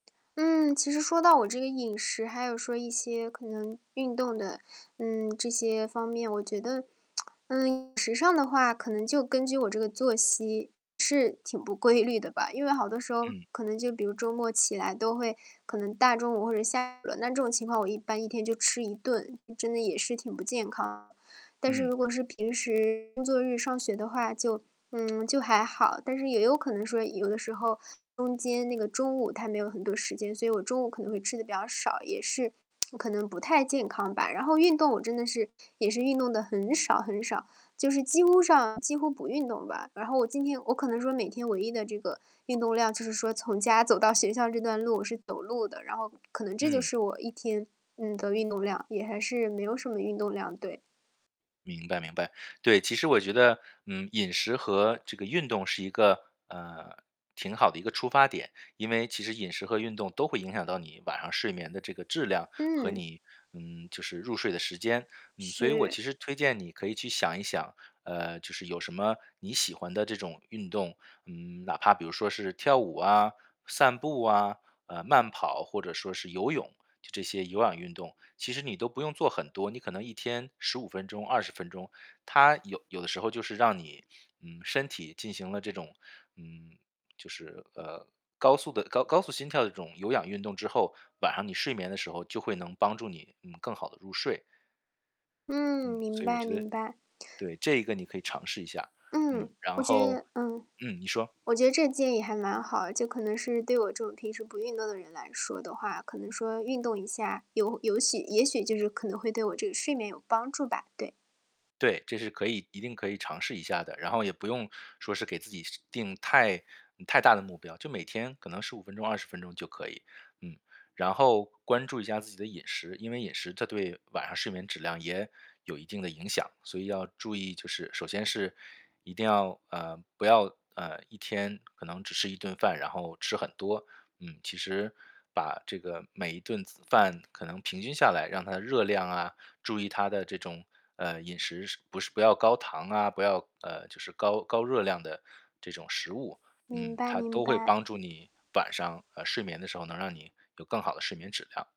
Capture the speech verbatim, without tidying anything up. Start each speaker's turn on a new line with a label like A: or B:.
A: 嗯，其实说到我这个饮食，还有说一些可能运动的，嗯，这些方面，我觉得 嗯，饮食上的话，可能就根据我这个作息，是挺不规律的吧。因为好多时候，
B: 嗯。
A: 可能就比如周末起来都会可能大中午或者下午了，那这种情况我一般一天就吃一顿，嗯，真的也是挺不健康的。但是
B: 嗯。
A: 如果是平时工作日上学的话，就嗯，就还好，但是也有可能说有的时候，中间那个中午它没有很多时间，所以我中午可能会吃得比较少，也是 我可能不太健康吧。然后运动我真的是，也是运动得很少很少，就是几乎上几乎不运动吧。然后我今天我可能说每天唯一的这个运动量就是说从家走到学校这段路是走路的，然后可能这就
B: 嗯。
A: 是我一天，嗯，的运动量，也还是没有什么运动量，对。
B: 明白明白，对，其实我觉得，嗯，饮食和这个运动是一个，嗯，挺好的一个出发点，因为其实饮食和运动都会影响到你晚上睡眠的这个质量，和
A: 嗯。
B: 你，嗯，就是入睡的时间。嗯，所以我
A: 是。
B: 其实推荐你可以去想一想，呃，就是有什么你喜欢的这种运动，嗯，哪怕比如说是跳舞啊、散步啊，呃，慢跑或者说是游泳，就这些有氧运动。其实你都不用做很多，你可能一天十五分钟、二十分钟，它有有的时候就是让你，嗯，身体进行了这种，嗯，就是，呃，高速的高高速心跳的这种有氧运动之后，晚上你睡眠的时候就会能帮助你，嗯，更好地入睡。
A: 嗯，
B: 嗯，
A: 明
B: 所以我
A: 白
B: 觉得
A: 明白。
B: 对，这一个你可以尝试一下，嗯。
A: 嗯，
B: 然
A: 我觉
B: 后
A: 得嗯。
B: 嗯，你说。
A: 我觉得这建议还蛮好，就可能是对我这种平时不运动的人来说的话，可能说运动一下，有有喜也许就是可能会对我这个睡眠有帮助吧？对。
B: 对，这是可以一定可以尝试一下的，然后也不用说是给自己是定太嗯，太大的目标，就每天可能十五分钟、二十分钟就可以，嗯。然后关注一下自己的饮食，因为饮食这对晚上睡眠质量也有一定的影响，所以要注意就是首先是，一定要呃，不要，呃，一天可能只吃一顿饭，然后吃很多，嗯。其实把这个每一顿饭可能平均下来，让它的热量啊，注意它的这种，呃，饮食是不是不要高糖啊，不要，呃，就是高高热量的这种食物。
A: 明
B: 嗯，
A: 白
B: 它
A: 明
B: 都会
A: 白。
B: 帮助你晚上，呃，睡眠的时候能让你有更好的睡眠质量。